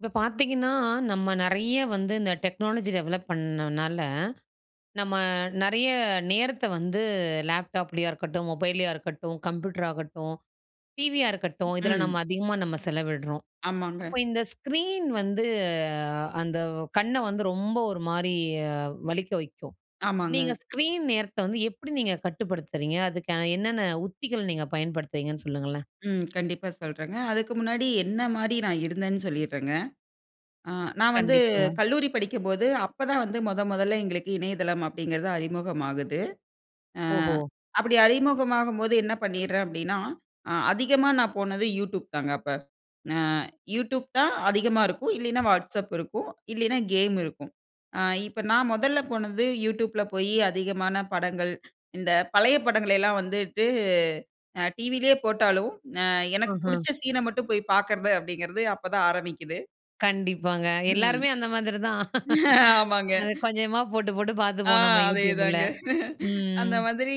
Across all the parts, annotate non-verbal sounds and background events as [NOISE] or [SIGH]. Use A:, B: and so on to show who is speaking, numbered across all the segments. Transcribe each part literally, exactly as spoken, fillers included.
A: இப்ப பார்த்தீங்கன்னா, நம்ம நிறைய வந்து இந்த டெக்னாலஜி டெவலப் பண்ணதுனால, நம்ம நிறைய நேரத்த வந்து லேப்டாப்லேயா இருக்கட்டும், மொபைல்லையா இருக்கட்டும், கம்ப்யூட்டரா இருக்கட்டும், டிவியா இருக்கட்டும். இதில
B: ம்.
A: நம்ம அதிகமா நம்ம செலவிடுறோம். அப்போ
B: ஆமாங்க.
A: இந்த ஸ்க்ரீன் வந்து அந்த கண்ண வந்து ரொம்ப ஒரு மாரி வலிக்க வைக்கும். நீங்க
B: ஆமாங்க.
A: ஸ்க்ரீன் நேரத்த வந்து எப்டி நீங்க கட்டுப்படுத்துறீங்க? அதுக்கான என்னென்ன உத்திகள் நீங்க பயன்படுத்துறீங்கன்னு சொல்லுங்களேன்?
B: ம். கண்டிப்பா சொல்றாங்க. அதுக்கு முன்னாடி என்ன மாரி நான் இருந்தேன்னு சொல்லீர்றங்க. ஆ நான் வந்து
A: கண்டிப்பா.
B: கல்லூரி படிக்கும்போது, அப்போ தான் வந்து மொத மொதல எங்களுக்கு இணையதளம் அப்டிங்கறது அறிமுகம் ஆகுது. அ
A: ஓஹோ!
B: அப்டி அறிமுகமாகும்போது என்ன பண்ணீர்றேன் அப்டினா, அ அதிகமா நான் போனது youtube தாங்க அப்ப. அ youtube தான் அதிகமா இருக்கும், இல்லைனா WhatsApp இருக்கும், இல்லைனா game இருக்கும். அ இப்ப நான் முதல்ல போனது youtube ல போயி அதிகமான படங்கள், இந்த பழைய படங்களெல்லாம் வந்துட்டு, அ டி.வி. லயே போட்டாலும். அ எனக்கு
A: ம்ஹ்ம்.
B: பிடிச்ச சீனை மட்டும் போய் பார்க்கறது அப்டிங்கிறதே அப்போதான் ஆரம்பிக்குது.
A: கண்டிப்பாங்க.
B: ம்.
A: எல்லாருமே அந்த மாதிரி தான். [LAUGHS]
B: ஆமாங்க.
A: அத கொஞ்சமா போட்டு, போட்டு
B: அ,
A: பாத்துப்போம் நம்ம YouTube ல,
B: அதேதாங்க. [LAUGHS] அந்த
A: ம்.
B: மாதிரி,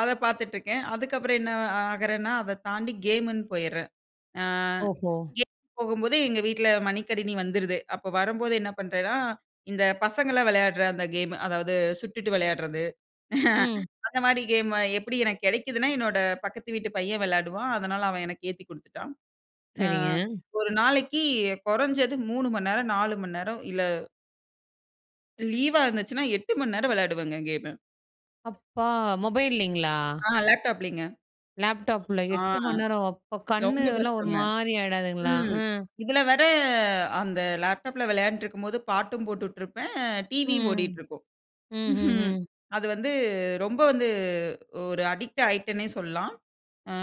B: அத பாத்துட்டுருக்கேன். அதுக்கப்பறம் என்ன அ ஆகுறேன்னா, அதத் தாண்டி கேமுன்னு போயிறேன். அ,
A: ஓஹோ!
B: கேம் போகும்போது எங்க வீட்ல மடிக்கனிணி வந்துருது. அப்போ வரும்போது என்ன பண்றேன்னா, இந்த பசங்களாம் விளையாட்ற அந்த கேம். அதாவது சுட்டுட்டு விளையாட்றது.
A: ம்.
B: [LAUGHS] அந்த மாதிரி கேம், எப்டி எனக்கு கிடைக்கிதுன்னா, என்னோட பக்கத்து வீட்டு பையன் விளையாடுவான் அதனால, அவன் எனக்கு ஏத்தி குடுத்துட்டான். அ,
A: சரிங்க.
B: ஒரு நாளைக்கி கொறஞ்சது மூணு மணிநேரம், நாலு மணிநேரம் இல்ல லீவா இருந்துச்சுனா, எட்டு மணி நேரம் விளையாடுவேங்க கேம.
A: அப்பா! மொபைல்லேங்களா?
B: ஆ. லேப்டாப் லேங்க.
A: லேப்டாப்ல
B: ஆ,
A: எட்டு மணி நேரம், அப்பா!
B: ரொம்ப
A: கண்ணுலாம் ஒரு
B: கஷ்டங்க,
A: மாரி ஆயிடாதுங்களா?
B: ம்.
A: ம்.
B: இதுல வேற, அந்த லேப்டாப்ல விளையாண்டுருக்கும்போது, பாட்டும் போட்டுட்ருப்பேன். டிவியும்
A: ம்.
B: ஓடிட்ருக்கும்.
A: ம்ஹ்ம்,
B: [CHUCKLES]
A: ம்.
B: அது வந்து, ரொம்ப வந்து, ஒரு அடிக்ட் ஆயிட்டேனே சொல்லாம். அ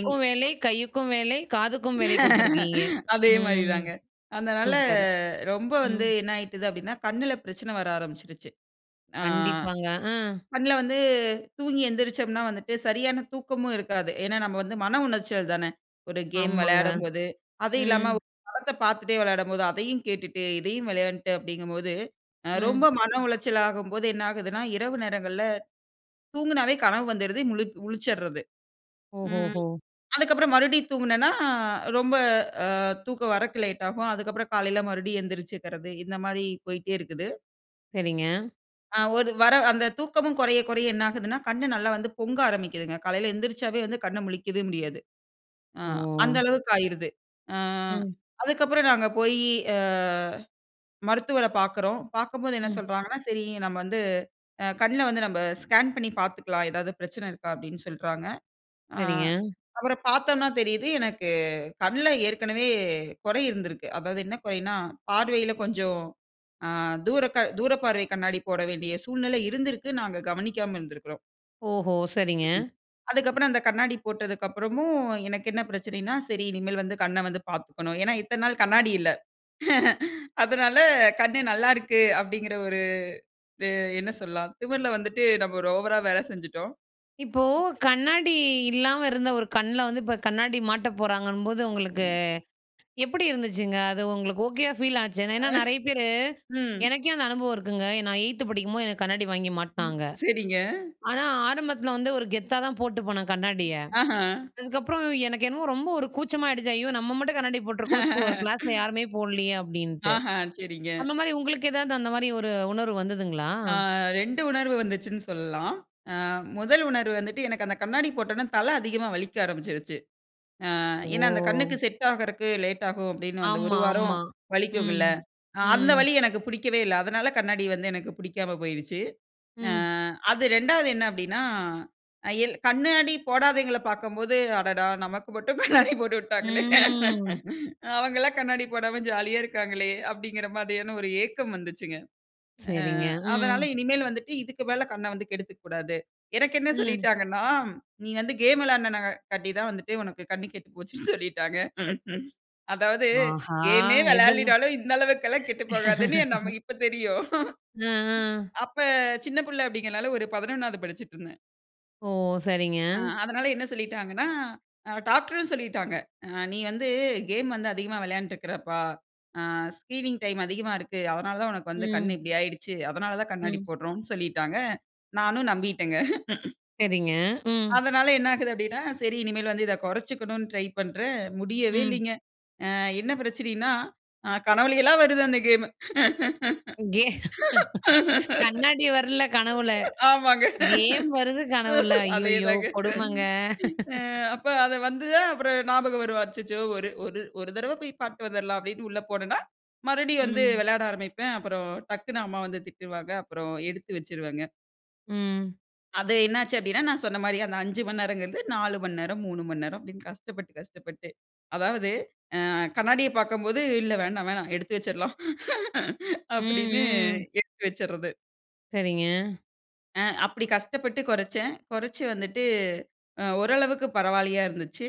B: எங்
A: வேலை, கையுக்கும் வேலை, காதுக்கும் வேலை கொடுத்துருக்கீங்க.
B: [LAUGHS] அதே மாரி
A: ம்,
B: தாங்க. அதனால,
A: சூப்பர்.
B: ரொம்ப வந்து
A: ம்.
B: என்ன ஆயிட்டது அப்டீன்னா, கண்ணுல பிரச்சனை வர ஆரம்பிச்சிரிச்சு. ஆ,
A: கண்டிப்பாங்க, அ.
B: கண்ணுல வந்து தூங்கி எந்திரிச்சோம்னா வந்துட்டு சரியான தூக்கமும் இருக்காது. ஏன்னா, நம்ம வந்து மன உளச்சல் தான, ஒரு கேம்
A: ஆமாங்க.
B: விளையாடும்போது. அது இல்லாம,
A: ம்.
B: ஒரு படத்த பாத்துட்டே விளையாடும்போது அதையும் கேட்டுட்டு, இதையும் விளையாண்ட்டு அப்டீங்கும்போது, அ,
A: ம்.
B: ரொம்ப மன உளச்சல் ஆகும்போது என்ன ஆகுதுனா, இரவு நேரங்கள்ல தூங்கனாவே கனவு வந்துறுது, முழிப் முழிச்சிட்றது. ம்,
A: ஓஹோஹோ!
B: அதுக்கப்பறம், மறுபடியும் தூங்குனேன்னா, ரொம்ப அ, தூக்கம் வரக்கு லேட் ஆகும். அதுக்கப்பறம் காலையில மறுபடியும் எந்திரிச்சுக்கறது, இந்த மாரி போயிட்டே இருக்குது.
A: சரிங்க.
B: அ, ஒரு வர அந்த தூக்கமும் குறைய, குறைய என்ன ஆகுதுன்னா? கண் நல்லா வந்து பொங்க ஆரம்பிக்குதுங்க. காலைல எந்திரிச்சாவே வந்து, கண்ண முழிக்கவே முடியாது. அ, அந்த
A: ஓ!
B: அளவுக்கு ஆயிருது. அ,
A: ம்.
B: அதுக்கப்றம் நாங்க போயி, அ, மருத்துவர பாக்குறோம். பார்க்கும்போது என்ன
A: ம்.
B: சொல்றாங்கனா, சரி, நம்ம வந்து, அ கண்ல வந்து நம்ப ஸ்கேன் பண்ணி பாத்துக்கலாம். எதாவது பிரச்சன இருக்கா? அப்டின்னு சொல்றாங்க. அ,
A: சரிங்க.
B: அப்றம் பாத்தோம்னா தெரியுது, எனக்கு கண்ல ஏற்கனவே கொறை இருந்திருக்கு. அதாவது என்ன குறைனா பார்வையில கொஞ்சம், அ தூரக தூரப்பார்வை கண்ணாடி போட வேண்டிய சூழ்நிலை இருந்து இருக்கு. நாங்க கவனிக்காம இருந்திருக்குறோம்.
A: ஓஹோ, சரிங்க.
B: ம். அதுக்கப்றம் அந்த கண்ணாடி போட்டதுக்கு அப்றமும், எனக்கு என்ன பிரச்சனைன்னா, சரி, இனிமேல் வந்து கண்ண வந்து பாத்துக்கணும். ஏன்னா, இத்தன நாள் கண்ணாடி இல்ல. [CHUCKLES] அதனால கண்ணு நல்லா இருக்கு, அப்டிங்கற ஒரு, இது என்ன சொல்லலாம் திமிர்ல வந்துட்டு நாம ஒரு ஓவரா வேல செஞ்சுட்டோம்.
A: இப்போ, கண்ணாடி இல்லாம இருந்த ஒரு கண்ல வந்து இப்போ கண்ணாடி மாட்ட போறாங்கன்னும்போது, உங்களுக்கு
B: ம்.
A: எப்டி இருந்துச்சுங்க? அது உங்களுக்கு ஓகேயா ஃபீல் ஆச்சு.
B: அ,
A: ஏன்னா நிறைய பேரு
B: ம்
A: எனக்கே அந்த அனுபவம் இருக்குங்க. நான் எய்த் படிக்கும்போது எனக்கு கண்ணாடி வாங்கி
B: ம்,
A: மாட்டுனாங்க.
B: சரிங்க.
A: ஆனா ஆரம்பத்ல வந்து, ஒரு கெத்தா தான் போட்டு போனேன் கண்ணாடிய.
B: ஆஹ.
A: அதுக்கப்புறம் எனக்கு என்னமோ ரொம்ப ஒரு கூச்சமா ஆயிடுச்சு. "ஐயோ! நம்ம மட்டும் கண்ணாடி போட்டுருக்கோம் ஸ்கூ கிளாஸ்ல
B: [CHUCKLES]
A: யாருமே போடலையே," அப்டின்டு.
B: ஆஹ! சரிங்க.
A: அந்த மாரி உங்களுக்கு எதாவது அந்த மாரி ஒரு உணர்வு வந்ததுங்களா?
B: ஆ, ரெண்டு உணர்வு வந்துச்சுன்னு சொல்லலாம். அ, முதல் உணர்வு வந்துட்டு எனக்கு அந்த கண்ணாடி போட்டனே, தல அதிகமா வலிக்க ஆரம்பிச்சுடுச்சு. அ, ஏன்னா அந்த கண்ணுக்கு
A: ஓ!
B: செட் ஆகறதுக்கு லேட் ஆகும். அப்டின்னு அந்த ஒரு
A: ஆமா,
B: வாரம்
A: ஆமா,
B: வலிக்கும்குல்ல,
A: ம்,
B: அ, அந்த
A: ம்.
B: வலி எனக்கு புடிக்கவே இல்ல. அதனால கண்ணாடி வந்து எனக்கு பிடிக்காம போயிடுச்சு. அ,
A: ம்.
B: அது ரெண்டாவது என்ன அப்டின்னா, அ, எல் கண்ணாடி போடாதவங்களை பாக்கும்போது, "அடடா! நமக்கு மட்டும் கண்ணாடி போட்டு விட்டாங்களே,"
A: ம்.
B: அவங்கலாம் கண்ணாடி போடாம ஜாலியா இருக்காங்களே". அப்டிங்கிற மாரியான ஒரு ஏக்கம் வந்துச்சுங்க. அ,
A: சரிங்க,
B: அதனால
A: ம்.
B: இனிமேல் வந்துட்டு இதுக்கு மேல கண்ண வந்து கெடுத்துக்க கூடாது. எனக்கு என்ன
A: ம்.
B: சொல்லிட்டாங்கன்னா, "நீங்க வந்து கேம் விளையாடின காட்டி தான் வந்துட்டு, உனக்கு கண் கெட்டு போச்சுன்னு சொல்லிட்டாங்க. [CHUCKLES] அதாவது
A: ஆஹா!
B: கேம்மே
A: எதுல?
B: விளையாடுனாலும் இந்த அளவுக்குல்லாம் கெட்டு போகாதுன்னு,
A: [LAUGHS]
B: நமக்கு இப்ப தெரியும்.
A: ம்,
B: [CHUCKLES]
A: ம்.
B: அப்ப சின்ன புள்ள அப்டிங்கனால ஒரு பதினொன்னாவது படிச்சுட்டு இருந்தேன்.
A: ஓ.
B: ஆ.
A: சரிங்க.
B: அதனால என்ன சொல்லிட்டாங்கன்னா. அ டாக்டர்ம் சொல்லிட்டாங்க. அ "நீ வந்து கேம் வந்து அதிகமா விளையான்ருக்குறப்பா. ஆ ஸ்கிரீனிங் டைம் அதிகமா இருக்கு. அதனால தான் உனக்கு வந்து கண்
A: ம்.
B: இப்டி ஆய்டுச்சு. அதனால தான் கண்ணாடி
A: ம்.
B: போட்றோம்னு" சொல்லிட்டாங்க. நானும் நம்பிட்டேங்க. [LAUGHS]
A: சரிங்க. ம்.
B: அதனால என்ன ஆகுது அப்டினா. 'சரி இனிமேல் வந்து இத குறச்சிக்கணும்னு' ட்ரை பண்றன். முடியவே
A: ம்.
B: இல்லிங்க. ஆ என்ன பிரச்சனைனா. அ கனவுலயல்லா வருது அந்த கேமு.
A: [LAUGHS] கண்ணாடி வர்ல கனவுல.
B: [LAUGHS] ஆமாங்க.
A: கேம் வருது கனவுல? ஐயய்யோ
B: அதேதாங்க.
A: கொடுமங்க
B: அ அப்ப
A: [LAUGHS]
B: அத வந்து தான் அப்புறம் ஞாபகம் வரும். அச்சச்சோ 'ஒரு ஒரு ஒரு தடவ போய் பார்த்துட்டு வந்துட்லாம்' அப்டின்னு உள்ள போனன்னா. மறுபடியும் வந்து
A: ம்.
B: விளையாட ஆரம்பிப்பேன். அப்புறம் டக்குனு அம்மா வந்து திட்டுவாங்க. அப்புறம் எடுத்து வச்சுருவங்க.
A: ம்.
B: அது என்ன ஆச்சு அப்டின்னா. நான் சொன்ன மாரி அந்த அஞ்சு மணி நேரம்ங்குறது நாலு மணி நேரம், மூணு மணி நேரம் அப்டின்னு கஷ்டப்பட்டு, கஷ்டப்பட்டு. அதாவது அ கண்ணாடிய பார்க்கும்போது இல்ல வேண்டாம் வேணா எடுத்து வச்சிர்லா [LAUGHS]
A: ம்,
B: அப்டின்னு
A: ம்.
B: எடுத்து வச்சிர்றது.
A: சரிங்க.
B: அ அப்டி கஷ்டப்பட்டு குறச்சன். குறச்சி வந்துட்டு. அ ஓரளவுக்கு பரவாயில்லையா இருந்துச்சு.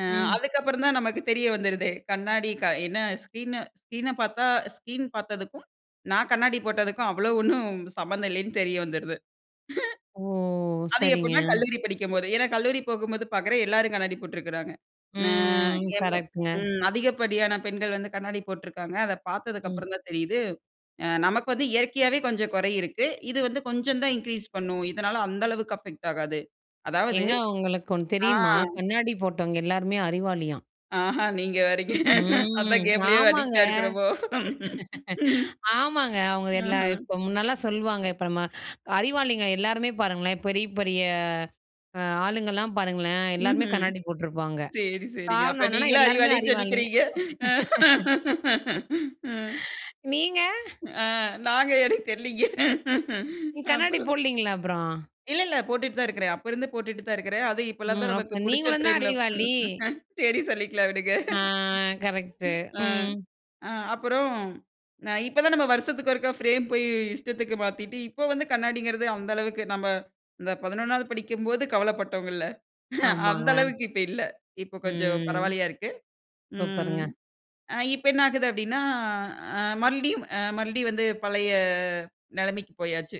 B: அ
A: ம்.
B: அதுக்கப்புறம் தான் நமக்கு தெரிய வந்துடுதே. கண்ணாடி என்ன ஸ்க்ரீன் ஸ்கிரீன பார்த்தா ஸ்கீன் பார்த்ததுக்கும், நான் கண்ணாடி போட்டதுக்கும் அவ்ளோ ஒன்னும் சம்மந்தம் இல்லீன்னு தெரிய வந்துடுது.
A: ஓ.
B: [CHUCKLES] அது
A: சரிங்க.
B: எப்டின்னா கல்லூரி படிக்கும்போது. ஏனா, கல்லூரி போகும்போது பார்க்குறேன் எல்லாரும் கண்ணாடி போட்டிருக்குறாங்க. அ
A: ம்.
B: என் மு
A: கரெக்ட்ங்க.
B: ம் அதிகப்படியான பெண்கள் வந்து கண்ணாடி போட்ருக்காங்க. அத பார்த்ததுக்கு
A: ம்.
B: அப்புறம் தான் தெரியுது. அ 'நமக்கு வந்து இயற்கையாவே கொஞ்சம் குறை இருக்கு. இது வந்து கொஞ்சம் தான் இன்கிரீஸ் பண்ணும். இதனால அந்த அளவுக்கு அஃபெக்ட் ஆகாது.' அதாவது
A: ஏங்க உங்களுக்கு ஒன்னு
B: ஆ.
A: தெரியுமா? கண்ணாடி போட்டவங்க எல்லாருமே அறிவாளியாம்.
B: ஆஹா. நீங்க வேரங்க.
A: ம்.
B: அதான் கேம் லேயே
A: ஆமாங்க.
B: அடிக்ட்டா இருக்கிறோமோ.
A: [LAUGHS]
B: [LAUGHS]
A: ஆமாங்க. அவங்க
B: அஹ
A: எல்லாம் இப்போ முன்னலாம் சொல்லுவாங்க. இப்ப நம்ம அறிவாளிங்க எல்லாருமே பாருங்களேன். பெரிய, பெரிய அ ஆளுங்கலாம் பாருங்களேன் எல்லாருமே
B: ம்ஹ்ம்.
A: கண்ணாடி போட்ருப்பாங்க.
B: சரி சரிங்க.
A: காரணம்
B: அப்ப
A: என்னன்னா
B: நீங்களும்
A: எல்லாருமே
B: அறிவாளினு
A: அறிவாளிங்க.
B: சொல்லிக்கிறீங்க.
A: [LAUGHS]
B: [LAUGHS] ம்.
A: நீங்க?
B: ஆ. நாங்க எனக்கு தெரிலங்க.
A: நீங்க கண்ணாடி
B: அப்புறம்.
A: போட்லீங்களா அப்புறம்?
B: இல்ல, இல்ல. போட்டுட்டு தான் இருக்குறேன். அப்ப இருந்து போட்டுட்டு தான் இருக்குறேன். அதுவும் இப்போ எல்லாம்
A: ம்.
B: தான் நமக்கு
A: அப்ப
B: புடிச்ச
A: நீங்களும் தான்
B: பிரேம்ல
A: அறிவாளி.
B: [LAUGHS] சரி சொல்லிக்கொள்ளலாம் விடுங்க.
A: ஆ. கரெக்ட்டு.
B: ஆ.
A: ம்
B: ஆ. அப்புறம், அ. இப்ப தான் நாம் வருஷத்துக்கு ஒரு முறை பிரேம் போய் இஷ்டத்துக்கு மாத்திட்டு இப்போ வந்து கண்ணாடிங்கிறது அந்த அளவுக்கு நம்ப இந்த பதினொன்னாவது படிக்கும்போது கவலைப்பட்டவங்க இல்ல. [CHUCKLES] அந்த
A: ஆமாங்க.
B: அளவுக்கு இப்ப இல்ல. இப்போ கொஞ்சம்
A: ம்.
B: பரவாயில்லையா இருக்கு. ம்.
A: சூப்பருங்க.
B: அ. இப்ப என்ன ஆகுது அப்டின்னா அ மறுபடியும் மறுபடியும் வந்து பழைய நிலைமைக்கு போயாச்சு.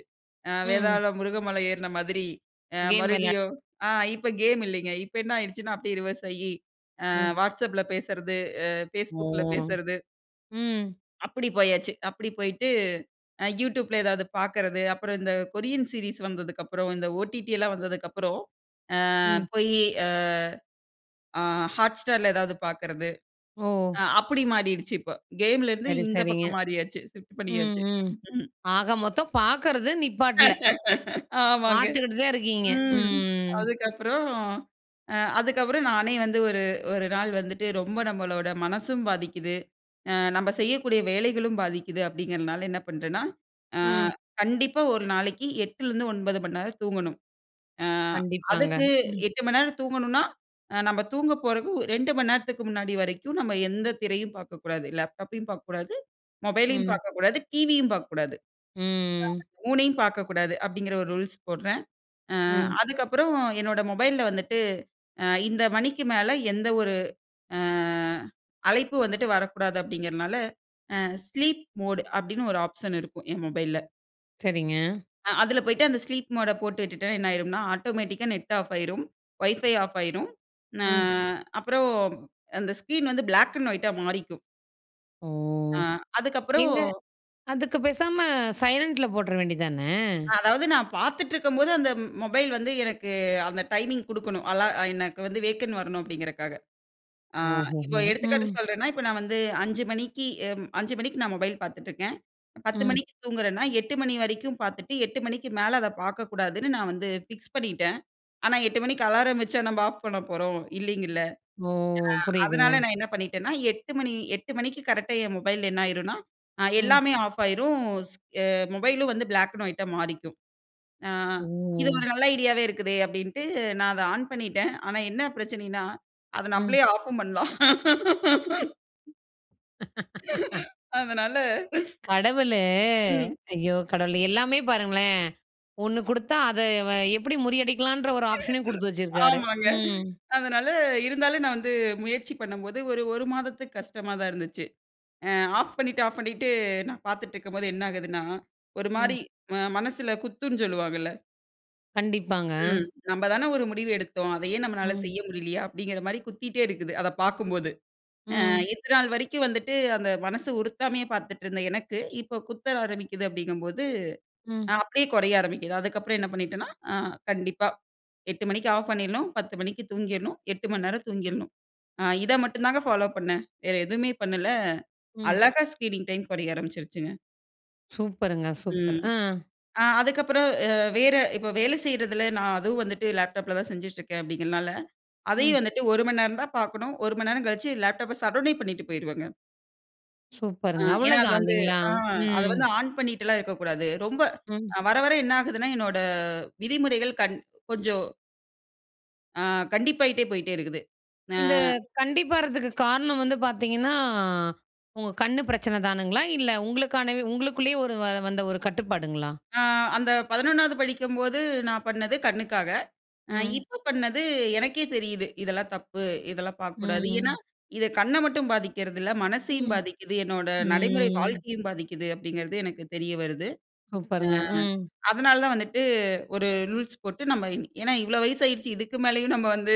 B: அ
A: ம்.
B: வேதாளம் முருகமலை ஏற்ன மாதிரி. அ
A: கேம் விளையா
B: மறுபடியும் ஆ இப்போ கேம் இல்லீங்க. இப்ப என்ன ஆயிடுச்சுன்னா அப்டியே ரிவர்ஸ் ஆகி, அ
A: ம்.
B: whatsapp ல பேசிறது. அ
A: ஓ
B: facebook ல பேசுறது.
A: ம்.
B: அப்டி போயாச்சு. அப்டி போயிட்டு. அ youtube ல ஏதாவது பார்க்கறது. அப்புறம் இந்த கொரியன் சீரிஸ் வந்ததுக்கப்புறம், இந்த ஓ.டி.டி எல்லாம் வந்ததுக்கப்புறம். அ
A: ம்.
B: போயி அ. அ hot star ல ஏதாவது பார்க்கறது.
A: ஓ.
B: அ அப்டி மாறிடுச்சு. இப்ப கேமலே இருந்து
A: சரி,
B: இந்த
A: சரிங்க.
B: பக்கம் மாறியாச்சு. ஷிஃப்ட்
A: ம்,
B: பண்ணியாச்சு.
A: ம்.
B: ம்.
A: ஆக மொத்தம் பார்க்கறது நிப்பாட்ல.
B: [LAUGHS] ஆமாங்க.
A: பார்த்துக்கிட்டு தான் இருக்கீங்க?
B: ம்.
A: ம்.
B: அதுக்கப்புறம் அ அதுக்கப்புறம், நானே வந்து ஒரு ஒரு நாள் வந்துட்டு ரொம்ப நம்மளோட மனசும் பாதிக்குது. அ நம்ம செய்யக்கூடிய வேலைகளும் பாதிக்குது அப்டிங்கிறனால என்ன பண்றேன்னா. அ
A: ம்.
B: கண்டிப்பா ஒரு நாளைக்கி எட்டுலிருந்து ஒன்பது மணிநேரம் தூங்கணும். அ
A: கண்டிப்பாங்க.
B: அதுக்கு
A: ம்.
B: எட்டு மணிநேரம் தூங்கணுனா, நம்ம தூங்க போறக்கு ரெண்டு மணி நேரத்துக்கு முன்னாடி வரைக்கும். நம்ம எந்த திரையும் பார்க்கக்கூடாது. லேப்டாப்பையும் பார்க்க கூடாது, மொபைலையும்
A: ம்.
B: பார்க்கக்கூடாது, டிவியும் பார்க்கக்கூடாது.
A: ம்.
B: மூணையும் பார்க்கக்கூடாது அப்டிங்கிற ஒரு ரூல்ஸ் போட்றேன். ஆ.
A: ம்.
B: அதுக்கு அப்புறம் என்னோட மொபைல்ல வந்துட்டு. ஆ இந்த மணிக்கு மேல எந்த ஒரு அ அழைப்பு வந்துட்டு வரக்கூடாது அப்டிங்கிறனால அ ஸ்லீப் மோட் அப்டின்னு ஒரு ஆப்ஷன் இருக்கும் என் மொபைல்ல.
A: சரிங்க.
B: அ! அதுல போய்ட்டு அந்த ஸ்லீப் மோட போட்டு விட்டுட்டா என்ன ஆயிரும்ன்னா? ஆட்டோமேட்டிக்கா Net ஆஃப் ஆயிரும், Wi-Fi ஆஃப் ஆயிரும். ந
A: ம்.
B: அப்புறம் அந்த ஸ்க்ரீன் வந்து பிளாக் அண்ட் ஒய்யிட் டா மாறிக்கும்.
A: ஓ!
B: ஆ அதுக்கு அப்புறம்
A: ஏங்க, அதுக்கு பேசாம சைலண்டுல போட்ற வேண்டியது தானே?
B: அதாவது நான் பாத்துட்ருக்கும்போது அந்த மொபைல் வந்து எனக்கு அந்த டைமிங் குடுக்கணும். அலா அ எனக்கு வந்து வேக்கண் வரணும் அப்படிங்கிறதுக்காக. அ
A: ஓஹோ
B: இப்போ
A: ஹோ!
B: எடுத்துக்காட்டு
A: ம்.
B: சொல்றேன்னா, இப்போ நான் வந்து அஞ்சு மணிக்கு, அ அஞ்சு மணிக்கு நான் மொபைல் பார்த்துட்ருக்கேன். பத்து
A: ம்.
B: மணிக்கு தூங்குறேன்னா? "எட்டு மணி வரைக்கும் பார்த்துட்டு எட்டு மணிக்கு மேல அத பாக்கக்கூடாதுன்னு நான் வந்து ஃபிக்ஸ் பண்ணிட்டேன்." ஆனா எட்டு மணிக்கு அலாரம் வச்சா நம்ப ஆஃப் பண்ண போறோம்? இல்லைங்கல்ல?
A: ஓ!
B: அ அதனால
A: புரியுதுங்க.
B: நான் என்ன பண்ணிட்டேனா, எட்டு மணி, எட்டு மணிக்கு கரெக்ட்டா என் மொபைல் என்ன ஆயிருன்னா? அ
A: ம்.
B: "எல்லாமே ஆஃப் ஆயிரும்." ஸ் அ மொபைலும் வந்து பிளாக் அண்ட் ஒயிட்டா மாறிக்கும். "அ இது
A: ஓ!
B: ஒரு நல்ல ஐடியாவே இருக்குதே?" அப்டின்ட்டு நான் அத ஆன் பண்ணிட்டேன். ஆனா என்ன பிரச்சனைன்னா, அத
A: ம்.
B: நம்பளே ஆஃப்ஃபும் பண்லாம். [LAUGHS] அதனால.
A: [LAUGHS] கடவுளு,
B: ம்.
A: ஐயோ! கடவுளே, எல்லாமே பாருங்களேன் ஒண்ண குடுத்தா, அத வ எப்டி முறியடிக்கலான்ற ஒரு ஆப்ஷன்னயும் குடுத்து
B: [LAUGHS]
A: வச்சிருக்காரு.
B: ஆமாங்க
A: ம்.
B: அதனால இருந்தாலும் நான் வந்து முயற்சி பண்ணும்போது ஒரு ஒரு மாதத்துக்கு கஷ்டமா தான் இருந்துச்சு. அ ஆஃப் பண்ணிட்டு ஆஃப் பண்ணிட்டு நான் பாத்துட்ருக்கும்போது என்ன ஆகுதுன்னா? ஒரு
A: ம்.
B: மாரி மனசுல குத்துன்னு சொல்லுவாங்கல்ல!
A: கண்டிப்பாங்க
B: ம். நம்ம தான ஒரு முடிவு எடுத்தோம். அதையே நம்மளால
A: ம்.
B: செய்ய முடியலையா? அப்படிங்கிற மாதிரி குத்திகிட்டே இருக்குது. அத பார்க்கும்போது. அ
A: ம்.
B: இந்த நாள் வரைக்கும் வந்துட்டு அந்த மனசு உறுத்தாமையே பார்த்துட்டு இருந்த எனக்கு, இப்போ குத்த ஆரம்பிக்குது அப்படிங்கும்போது,
A: ம்.
B: அப்படியே குறைய ஆரம்பிக்குது அதுக்கப்புறம் என்ன பண்ணிட்டேனா, அ கண்டிப்பா, எட்டு மணிக்கு ஆஃப் பண்ணிடணும். பத்து மணிக்கு தூங்கிடணும். எட்டு மணி நேரம் தூங்கிடணும். அ இத மட்டும் தாங்க ஃபாலோ பண்ணேன். வேற எதுவுமே பண்ணல,
A: ம்.
B: அழகா ஸ்க்ரீனிங் டைம் குறைய ஆரம்பிச்சுருச்சுங்க.
A: சூப்பருங்க! சூப்பர்
B: ம்.
A: ஆ.
B: அ அதுக்கப்புறம் அ வேற இப்போ வேலை செய்யறதில நான் அதுவும் வந்துட்டு லேப்டாப்ல தான் செஞ்சுட்டு இருக்கேன். அப்படிங்கிறனால அதையும்
A: ம்.
B: வந்துட்டு ஒரு மணி நேரம் தான் பார்க்கணும். ஒரு மணி நேரம் கழிச்சு லேப்டாப்ப சட்டவுனே பண்ணிட்டு போயிடுவேங்க. ஆ,
A: சூப்பருங்க!
B: ஏன்னா அது
A: அவ்வளோதான்
B: வந்து
A: இல்லைங்களா?
B: ஆ அத
A: ம்.
B: வந்து ஆன் பண்ணிட்டுல்லாம் இருக்கக்கூடாது. ரொம்ப
A: ம்.
B: வர, வர என்ன ஆகுதுன்னா, என்னோட விதிமுறைகள் கண் கொஞ்சம் அ கண்டிப்பாகிட்டே போயிட்டே இருக்குது. அ.
A: இந்த கண்டிப்பாறதுக்கு காரணம் வந்து பார்த்தீங்கன்னா, உங்க கண்ணு பிரச்சனை தானுங்களா? இல்ல உங்களுக்கானவே உங்களுக்குள்ளேயே ஒரு வந்த ஒரு கட்டுப்பாடுங்களா?
B: அ அந்த பதினொன்னாவது படிக்கும்போது, நான் பண்ணது கண்ணுக்காக.
A: ம்.
B: இப்போ பண்ணது எனக்கே தெரியுது. இதெல்லாம் தப்பு, இதெல்லாம் பார்க்கக்கூடாது. ஏன்னா
A: ம்.
B: இது கண்ண மட்டும் பாதிக்கிறது இல்ல. மனசையும்
A: ம்,
B: பாதிக்குது. என்னோட நடைமுறை
A: ம்.
B: வாழ்க்கையும் பாதிக்குது. அப்படிங்கிறது எனக்கு தெரிய வருது.
A: சூப்பருங்க, ம்.
B: அ அதனால தான் வந்துட்டு ஒரு ரூல்ஸ் போட்டு நம்ம இன் ஏன்னா இவ்வளோ வயசாயிடுச்சு. இதுக்கு மேலேயும் நம்ம வந்து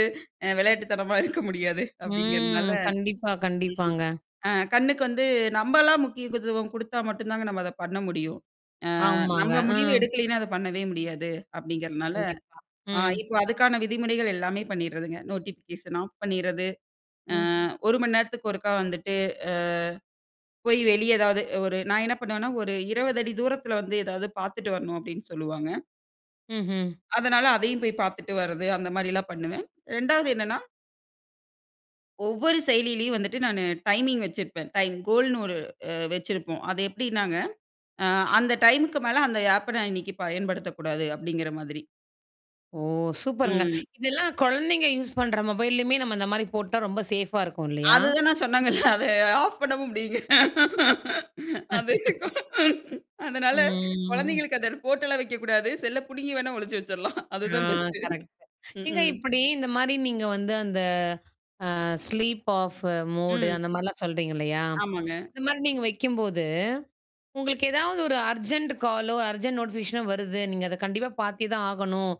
B: விளையாட்டுத்தனமா இருக்க முடியாது. அப்படிங்கிறதுனால
A: ம்.
B: ம்.
A: கண்டிப்பா, கண்டிப்பாங்க.
B: அ கண்ணுக்கு வந்து நம்மலாம் முக்கியக்குதுவம் குடுத்தா மட்டும் தாங்க, நம்ம அத பண்ண முடியும். அ
A: ஆமாங்க.
B: நம்ம முடிவு
A: ஆ
B: எடுக்கலைன்னா அத பண்ணவே முடியாது அப்படிங்கிறதுனால,
A: கண்டிப்பா,
B: அ
A: ம்.
B: இப்போ அதுக்கான விதிமுறைகள் எல்லாமே பண்ணிடுறதுங்க. நோட்டிஃபிகேஷன் ஆஃப் பண்ணிடுறது. அ
A: ம்.
B: ஒரு மணி நேரத்துக்கு ஒருக்கா வந்துட்டு அ போய் வெளியே ஏதாவது ஒரு நான் என்ன பண்ணுவேன்னா, ஒரு இருபது அடி தூரத்தில வந்து ஏதாவது பார்த்துட்டு வரணும் அப்படின்னு சொல்லுவாங்க.
A: ம்ஹ்ம்.
B: அதனால அதையும் போய் பார்த்துட்டு வர்றது அந்த மாரிலாம் பண்ணுவேன். இரண்டாவது என்னன்னா ஒவ்வொரு செயல்லீலயும் வந்துட்டு நான் டைமிங் வச்சிருப்பேன். டைம் கோல்ன்னு ஒரு அ வச்சிருப்போம். அது எப்டின்னாங்க, ஆ அந்த டைம்க்கு மேல அந்த ஆப்ப நான் இன்னைக்கு பயன்படுத்தக்கூடாது. அப்டிங்கிற மாதிரி.
A: ஓ! சூப்பருங்க.
B: ம்.
A: இதெல்லாம் குழந்தைங்க யூஸ் பண்ற மொபைல்லேயுமே நம்ம இந்த மாரி போட்டா ரொம்ப சேஃபா இருக்கும் இல்லையா?
B: அது தான் நான் சொன்னங்கல்ல அத ஆஃப் பண்ண முடியுங்க. அது
A: [LAUGHS]
B: அதனால
A: ம்
B: குழந்தைகளுக்கு அத போட்டலாம் வைக்கக்கூடாது. செல்ல புடுங்கி வேணா ஒழிச்சு வச்சுடலாம்.
A: ஆ,
B: அதுதான் பெஸ்ட்
A: கரெக்ட்.
B: ம்,
A: ஏங்க
B: ம்.
A: இப்டி இந்த மாரி நீங்க வந்து அந்த அ ஸ்லீப் ஆஃப் மோடு
B: ம்.
A: அந்த மாரிலாம் சொல்றீங்க இல்லையா?
B: ஆமாங்க.
A: இந்த மாரி நீங்க வைக்கும்போது, உங்களுக்கு ஏதாவது ஒரு அர்ஜெண்ட் காலோ அர்ஜெண்ட் நோட்டிஃபிகேஷனோ வருது நீங்க அத கண்டிப்பா பார்த்தே தான் ஆகணும்.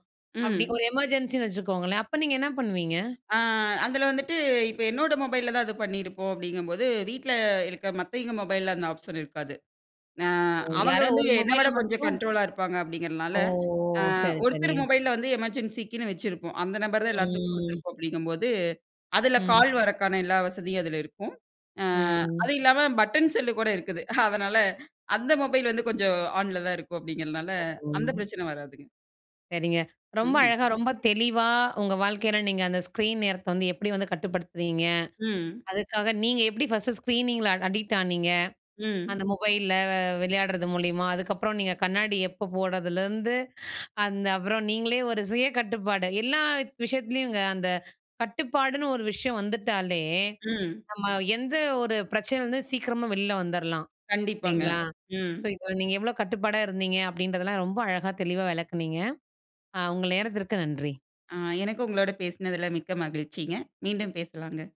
A: அப்டி
B: ம்.
A: ஒரு எமர்ஜென்சின்னு வச்சுக்கோங்களேன். அப்ப நீங்க என்ன பண்ணுவீங்க?
B: அ அதில வந்துட்டு இப்ப என்னோட மொபைல்ல தான் அது பண்ணியிருப்போம் அப்டிங்கும்போது வீட்ல இருக்க மத்தவிங்க மொபைல்ல அந்த ஆப்ஷன் இருக்காது. ஆ
A: ஓ!
B: அவங்க
A: யாரோ
B: வந்து
A: ஒரு
B: என்ன
A: மொபைல்ல
B: விட கொஞ்சம்
A: மட்டும்
B: கண்ட்ரோலா இருப்பாங்க அப்டிங்கிறதுனால,
A: ஓ!
B: ஆ
A: சரி,
B: ஒருத்தர்
A: சரிங்க.
B: மொபைல்ல வந்து எமர்ஜென்சிக்குன்னு வச்சிருப்போம். அந்த நம்பர் தான் எல்லாத்துக்கும்
A: ம்
B: குடுத்துருப்போம். அப்டிங்கும்போது அதுல
A: ம்.
B: கால் வரக்கான எல்லா வசதியும் அதில இருக்கும். ஆ
A: ம்.
B: அதுவும் இல்லாம பட்டன் செல்லு கூட இருக்குது. [CHUCKLES] அதனால அந்த மொபைல் வந்து கொஞ்சம் ஆன்ல தான் இருக்கும். அப்டிங்கிறதுனால அந்த
A: ம்.
B: பிரச்சனை வராதுங்க.
A: சரிங்க. ரொம்ப
B: ம்.
A: அழகா, ரொம்ப தெளிவா உங்க வாழ்க்கையில நீங்க அந்த ஸ்க்ரீன் நேரத்த வந்து எப்டி வந்து கட்டுப்படுத்துறீங்க?
B: ம்.
A: அதுக்காக நீங்க எப்டி ஃபர்ஸ்ட்டு ஸ்க்ரீனிங்கில அட அடிக்ட் ஆனீங்க,
B: ம்.
A: அந்த மொபைல்ல வ விளையாடுறது மூலியமா, அதுக்கப்புறம் நீங்க கண்ணாடி எப்போ போடுறதுலேருந்து, அந்த அப்புறம் நீங்களே ஒரு சுய கட்டுப்பாடு எல்லா விஷயத்துலயுங்க. அந்த கட்டுப்பாடுன்னு ஒரு விஷயம் வந்துட்டாலே,
B: ம்.
A: நம்ம எந்த ஒரு பிரச்சனை வந்து சீக்கிரமா வெளியில வந்துரலாம்
B: கண்டிப்பாங்க.
A: இல்லைங்களா?
B: ம்
A: ஸோ இதுல நீங்க எவ்வளோ கட்டுப்பாடா இருந்தீங்க அப்டின்றதெல்லாம் ரொம்ப அழகா தெளிவா விளக்குனீங்க. அ உங்க நேரத்திற்கு நன்றி.
B: ஆ, எனக்கு உங்களோட பேசுனதுல மிக்க மகிழ்ச்சிங்க. மீண்டும் பேசலாங்க.